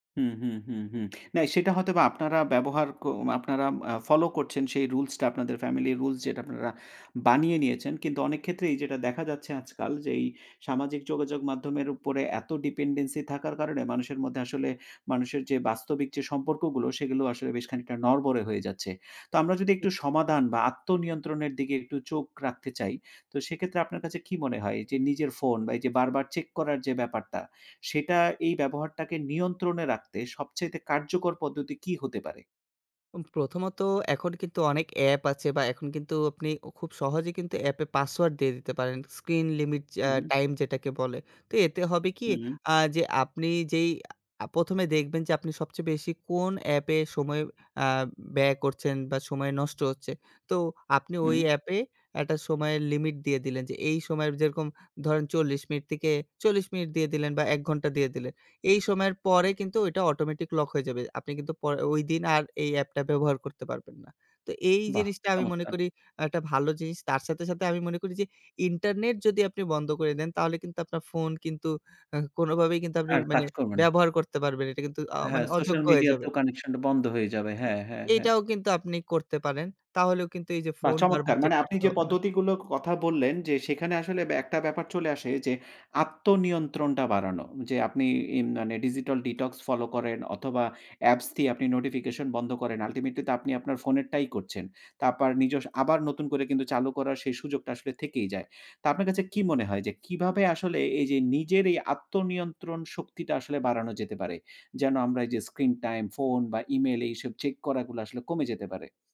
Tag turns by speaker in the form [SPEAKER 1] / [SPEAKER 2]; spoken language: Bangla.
[SPEAKER 1] হুম, হুম, হুম, হুম না সেটা হয়তোবা আপনারা ব্যবহার কো আপনারা অ্যা ফলো করছেন সেই রুলসটা আপনাদের ফ্যামিলি রুলস যেটা আপনারা বানিয়ে নিয়েছেন। কিন্তু অনেক ক্ষেত্রেই যেটা দেখা যাচ্ছে আজকাল যে এই সামাজিক যোগাযোগ মাধ্যমের উপরে এত ডিপেন্ডেন্সি থাকার কারণে মানুষের মধ্যে আসলে মানুষের যে, বাস্তবিক যে সম্পর্কগুলো সেগুলো আসলে বেশ খানিকটা নড়বড়ে হয়ে যাচ্ছে। তো আমরা যদি
[SPEAKER 2] জি।
[SPEAKER 1] একটু সমাধান বা আত্মনিয়ন্ত্রণের দিকে একটু চোখ রাখতে চাই, তো সেক্ষেত্রে আপনার কাছে কি মনে হয় যে, নিজের ফোন বা এই যে বারবার চেক করার যেই ব্যাপারটা সেটা এই ব্যবহারটাকে নিয়ন্ত্রণে রাখতে সবচাইতে কার্যকর পদ্ধতি কী হতে পারে?
[SPEAKER 2] উম প্রথমত এখন কিন্তু অনেক অ্যাপ আছে বা এখন কিন্তু আপনি উ খুব সহজেই কিন্তু অ্যাপে পাসওয়ার্ড দিয়ে দিতে পারেন স্ক্রিন লিমিট চ্যা
[SPEAKER 1] উহু।
[SPEAKER 2] টাইম যেটাকে বলে, তো এতে হবে কি
[SPEAKER 1] হু, হু।
[SPEAKER 2] আ যে আপনি যেই আ ১ম এ দেখবেন যে আপনি সবচেয়ে বেশি কোন অ্যাপে সময় আ ব্যয় করছেন বা সময় নষ্ট হচ্ছে তো, আপনি ওই
[SPEAKER 1] উম
[SPEAKER 2] অ্যাপে একটা সময়ের লিমিট দিয়ে দিলেন যে এই সময়ের যেরকম ধরে, ন ৪০ মিনিট থেকে ৪০ মিনিট দিয়ে দিলেন বা ১ ঘণ্টা দিয়ে দিলেন। এই সময়ের পরে কিন্তু ওইটা অটোমেটিক লক হয়ে যাবে। আপনি কিন্তু পরে ওই দিন আর এই এ্যাপটা ব্যবহার করতে পারবেন না। তো এই
[SPEAKER 1] বাহ
[SPEAKER 2] জিনিসটা আমি মনে
[SPEAKER 1] চমৎকার!
[SPEAKER 2] করি আ একটা ভালো জিনিস তার সাথে, সাথে আমি মনে করি যে ইন্টারনেট যদি আপনি বন্ধ করে দেন তাহলে কিন্তু আপনার ফোন কিন্তু অ্যা কোনভাবেই কিন্তু আপনি
[SPEAKER 1] আর
[SPEAKER 2] মানে
[SPEAKER 1] কাজ করবে না।
[SPEAKER 2] ব্যবহার করতে পারবেন না। এটা কিন্তু আ মানে
[SPEAKER 1] হ্যাঁ, সোশ্যাল
[SPEAKER 2] অযোগ্য হয়ে যাবে।
[SPEAKER 1] মিডিয়াতেও কানেকশনটা বন্ধ হয়ে যাবে।
[SPEAKER 2] জি,
[SPEAKER 1] হ্যাঁ, হ্যাঁ, হ্যাঁ।
[SPEAKER 2] এটাও কিন্তু আপনি করতে পারেন। তাহলেও কিন্তু এই যে
[SPEAKER 1] বাহ
[SPEAKER 2] ফোন বারবার
[SPEAKER 1] চমৎকার!
[SPEAKER 2] চেক
[SPEAKER 1] মানে আপনি
[SPEAKER 2] করতে
[SPEAKER 1] যে
[SPEAKER 2] হবে না।
[SPEAKER 1] পদ্ধতিগুলোর কথা বললেন, যে সেখানে আসলে ব্যা একটা ব্যাপার চলে আসে যে আত্মনিয়ন্ত্রণটা বাড়ানো যে আপনি ইম মানে digital detox ফলো করেন অথবা অ্যাপস দিয়ে আপনি নোটিফিকেশন বন্ধ করেন ultimately তো আপনি আপনার ফোনের টাই করছেন। তারপর নিজস্ব আবার নতুন করে চালু করার সেই সুযোগটা আসলে থেকেই যায়। তো আপনার কাছে কি মনে হয় যে কিভাবে আসলে এই যে নিজের এই আত্মনিয়ন্ত্রণ শক্তিটা আসলে বাড়ানো যেতে পারে। যেন আমরা এই যে screen time ফোন বা ইমেইল এইসব চেক করা গুলো আসলে কমে যেতে পারে।